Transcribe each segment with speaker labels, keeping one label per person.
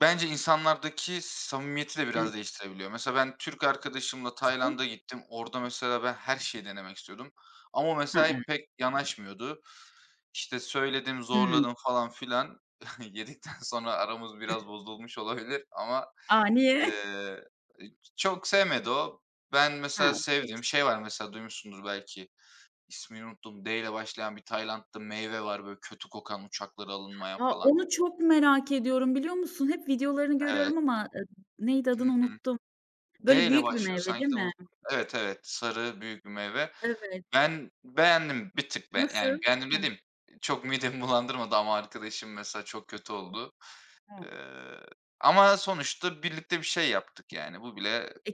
Speaker 1: Bence insanlardaki samimiyeti de
Speaker 2: Iıı
Speaker 1: biraz değiştirebiliyor. Mesela ben Türk arkadaşımla
Speaker 2: [unintelligible]
Speaker 1: Tayland'a gittim. Orada mesela ben her şeyi denemek istiyordum ama o
Speaker 2: Ha,
Speaker 1: mesela,
Speaker 2: evet.
Speaker 1: hep pek yanaşmıyordu. İşte söyledim,
Speaker 2: Hıı.
Speaker 1: zorladım falan filan. Yedikten sonra aramız biraz bozulmuş olabilir ama,
Speaker 2: A, niye?
Speaker 1: ııı, çok sevmedi o. Ben
Speaker 2: He,
Speaker 1: mesela
Speaker 2: borç.
Speaker 1: sevdiğim şey var. Mesela duymuşsunuzdur belki, ismini unuttum, d'yle başlayan bir Tayland'da meyve var böyle kötü kokan, uçaklara alınmayan
Speaker 2: A!
Speaker 1: falan.
Speaker 2: Onu çok merak ediyorum biliyor musun? Hep videolarını
Speaker 1: Evet.
Speaker 2: görüyorum ama, ııı, neydi
Speaker 1: Hı
Speaker 2: adını
Speaker 1: hı.
Speaker 2: unuttum. Böyle
Speaker 1: D'yle
Speaker 2: büyük bir
Speaker 1: başlıyor
Speaker 2: meyve değil
Speaker 1: sanki de
Speaker 2: mi?
Speaker 1: unuttum. Evet, evet, sarı büyük bir meyve.
Speaker 2: Evet.
Speaker 1: Ben beğendim. Bir tık ben yani,
Speaker 2: Nasıl?
Speaker 1: beğendim
Speaker 2: Hı.
Speaker 1: dediğim, çok midemi bulandırmadı ama arkadaşım mesela çok kötü oldu.
Speaker 2: Hıı.
Speaker 1: Iıı, ama sonuçta birlikte bir şey yaptık yani. Bu bile
Speaker 2: E,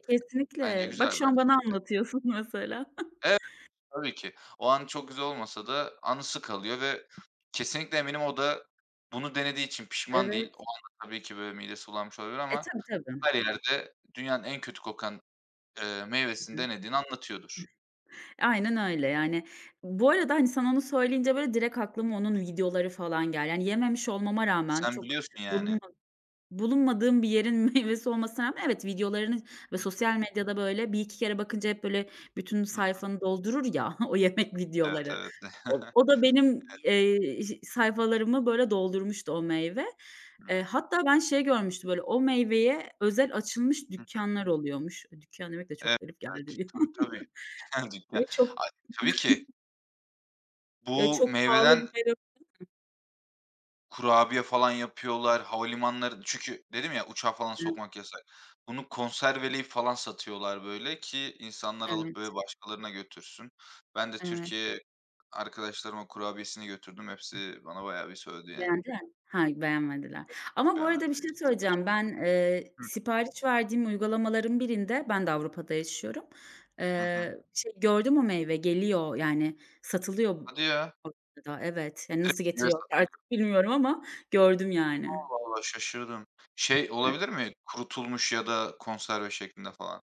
Speaker 1: bence
Speaker 2: kesinlikle.
Speaker 1: güzel
Speaker 2: Bak,
Speaker 1: bir
Speaker 2: şu an bana
Speaker 1: aktivite.
Speaker 2: anlatıyorsun mesela.
Speaker 1: Evet, tabii ki. O an çok güzel olmasa da anısı kalıyor ve kesinlikle eminim o da bunu denediği için pişman
Speaker 2: Evet.
Speaker 1: değil. O anda tabii ki böyle midesi bulanmış olabilir
Speaker 2: E,
Speaker 1: ama
Speaker 2: tabii, tabii.
Speaker 1: her yerde dünyanın en kötü kokan, ııı,
Speaker 2: Hı
Speaker 1: meyvesini
Speaker 2: hı.
Speaker 1: denediğini anlatıyordur.
Speaker 2: Aynen öyle yani. Bu arada, hani, sen onu söyleyince böyle direkt aklıma onun videoları falan geldi. Hani, yememiş olmama rağmen,
Speaker 1: Sen
Speaker 2: çok
Speaker 1: biliyorsun
Speaker 2: bulunma
Speaker 1: yani.
Speaker 2: bulunmadığım bir yerin meyvesi olmasına rağmen, evet, videolarını ve
Speaker 1: Hı hı.
Speaker 2: sosyal medyada böyle bir iki kere bakınca hep böyle bütün
Speaker 1: Hı hı.
Speaker 2: sayfanı doldurur ya, o yemek
Speaker 1: Evet,
Speaker 2: videoları.
Speaker 1: evet.
Speaker 2: O o da benim,
Speaker 1: Evet.
Speaker 2: eee, iş sayfalarımı böyle doldurmuştu o meyve.
Speaker 1: Hıı.
Speaker 2: Eee, hatta ben şey görmüştüm, böyle o meyveye özel açılmış
Speaker 1: Hı hı.
Speaker 2: dükkânlar oluyormuş. Dükkân demek de
Speaker 1: Evet,
Speaker 2: çok garip
Speaker 1: evet.
Speaker 2: geldi bir
Speaker 1: Tabii,
Speaker 2: an.
Speaker 1: tabii. Dükkân, dükkân.
Speaker 2: Ve çok
Speaker 1: A, tabii ki.
Speaker 2: ve
Speaker 1: Bu
Speaker 2: çok pahalı
Speaker 1: meyveden
Speaker 2: bir meyve. Değil mi?
Speaker 1: kurabiye falan yapıyorlar, havalimanları Çünkü dedim ya, uçağa falan
Speaker 2: [unintelligible]
Speaker 1: sokmak yasak. Bunu konserveleyip falan satıyorlar böyle ki insanlar alıp
Speaker 2: Evet.
Speaker 1: böyle başkalarına götürsün. Ben de
Speaker 2: Evet.
Speaker 1: Türkiye'ye arkadaşlarıma kurabiyesini götürdüm. Hepsi bana bayağı bir sövdü yani.
Speaker 2: Beğendiler mi? Ha, beğenmediler.
Speaker 1: Yok. Hiç
Speaker 2: Ama bu arada bir
Speaker 1: beğenmediler.
Speaker 2: şey
Speaker 1: Sıfır.
Speaker 2: söyleyeceğim. Ben, eee,
Speaker 1: Hıh.
Speaker 2: sipariş verdiğim uygulamaların birinde, ben de Avrupa'da yaşıyorum,
Speaker 1: Hı hı.
Speaker 2: eee, şey gördüm; o meyve geliyor yani satılıyor
Speaker 1: Hadi ya.
Speaker 2: Avrupa'da. Evet, hani, nasıl
Speaker 1: Direkt [unintelligible]
Speaker 2: getiriyor
Speaker 1: satılıyor.
Speaker 2: artık bilmiyorum ama gördüm yani.
Speaker 1: Allah Allah, şaşırdım. Şey
Speaker 2: Evet.
Speaker 1: olabilir mi; kurutulmuş ya da konserve şeklinde falan?